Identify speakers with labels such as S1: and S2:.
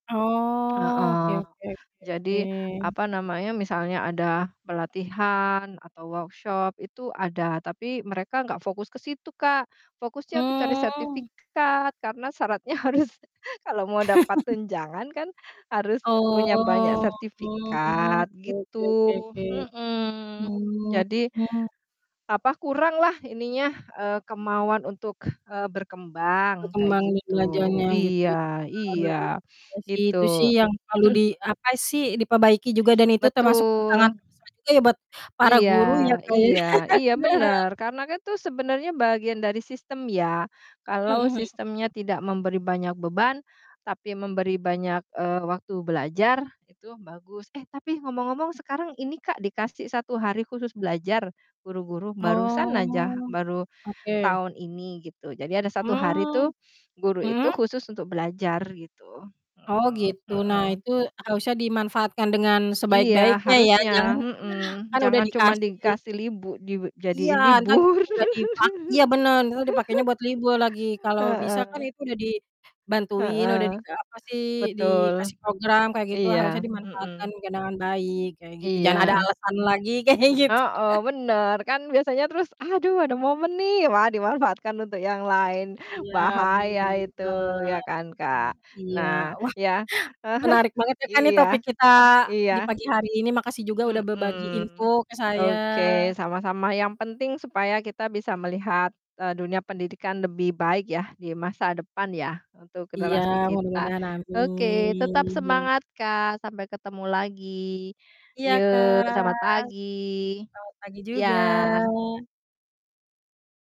S1: Oke
S2: Heeh,
S1: oke oke
S2: jadi
S1: oke.
S2: apa namanya, misalnya ada pelatihan atau workshop itu ada, tapi mereka nggak fokus ke situ Kak. Fokusnya tuh cari
S1: Mmm.
S2: sertifikat karena syaratnya harus kalau mau dapat tunjangan kan harus e punya banyak
S1: Oh,
S2: sertifikat
S1: oke oke oke
S2: gitu.
S1: oke.
S2: Mhm, jadi
S1: Mhm.
S2: apa, kuranglah ininya, eee, kemauan untuk, eee, berkembang kayak
S1: Berkembang ini
S2: gitu.
S1: belajarnya gitu ya.
S2: Iya iya,
S1: Iya sih, itu sih
S2: gitu.
S1: yang selalu di apa sih, diperbaiki juga dan itu termasuk tantangan
S2: Betul.
S1: terbesar juga ya buat para
S2: Iya
S1: guru ya Kak, ya.
S2: iya iya bener, karena kan tuh sebenarnya bagian dari sistem ya, kalau
S1: Mhm mhm.
S2: sistemnya tidak memberi banyak beban, tapi memberi banyak, eee, waktu, belajar itu bagus. Eh, tapi ngomong-ngomong sekarang ini Kak, dikasih 1 hari khusus belajar guru-guru barusan aja,
S1: Oh,
S2: baru
S1: oke.
S2: tahun ini gitu. Jadi ada 1 hari tuh
S1: Mmm,
S2: guru itu
S1: mhm?
S2: khusus untuk belajar gitu.
S1: Oh
S2: Mhm
S1: gitu, nah
S2: mhm.
S1: itu harusnya dimanfaatkan dengan
S2: Iya,
S1: sebaik-baiknya ya, jangan
S2: harusnya, mhm,
S1: kan udah
S2: jangan cuma
S1: dikasih
S2: dikasih libu
S1: Iya
S2: dijadiin
S1: entar [unintelligible]
S2: libur.
S1: nggak dipak Iya bener, entar dipakenya buat libur lagi, kalau bisa kan
S2: Heeh.
S1: itu udah dibantuin,
S2: Heeh.
S1: udah dika apa sih,
S2: Betul.
S1: dikasih program kayak gitu
S2: Iya,
S1: harusnya
S2: mhm.
S1: dimanfaatkan juga dengan baik kayak gitu, jangan ada
S2: Iya.
S1: alasan lagi kayak gitu.
S2: Heeh, bener kan biasanya terus, "Aduh ada momen nih," wah, dimanfaatkan untuk yang lain,
S1: Iya,
S2: bahaya
S1: bener
S2: itu, ya
S1: bener,
S2: kan Kak,
S1: eee, iya.
S2: nah
S1: Wah,
S2: ya
S1: menarik banget ya kan nih
S2: iya,
S1: topik kita
S2: iya.
S1: di pagi hari ini. Makasih juga udah berbagi info
S2: Mhm,
S1: ke saya.
S2: oke sama-sama, yang penting supaya kita bisa melihat, eee, dunia pendidikan lebih baik yah di masa depan ya, untuk
S1: Iya,
S2: generasi kita.
S1: mudah-mudahan
S2: Oke tetap
S1: amin.
S2: semangat Kak, sampai ketemu lagi.
S1: Iya
S2: Yo,
S1: Kak,
S2: selamat
S1: selamat
S2: pagi,
S1: pagi juga.
S2: iya.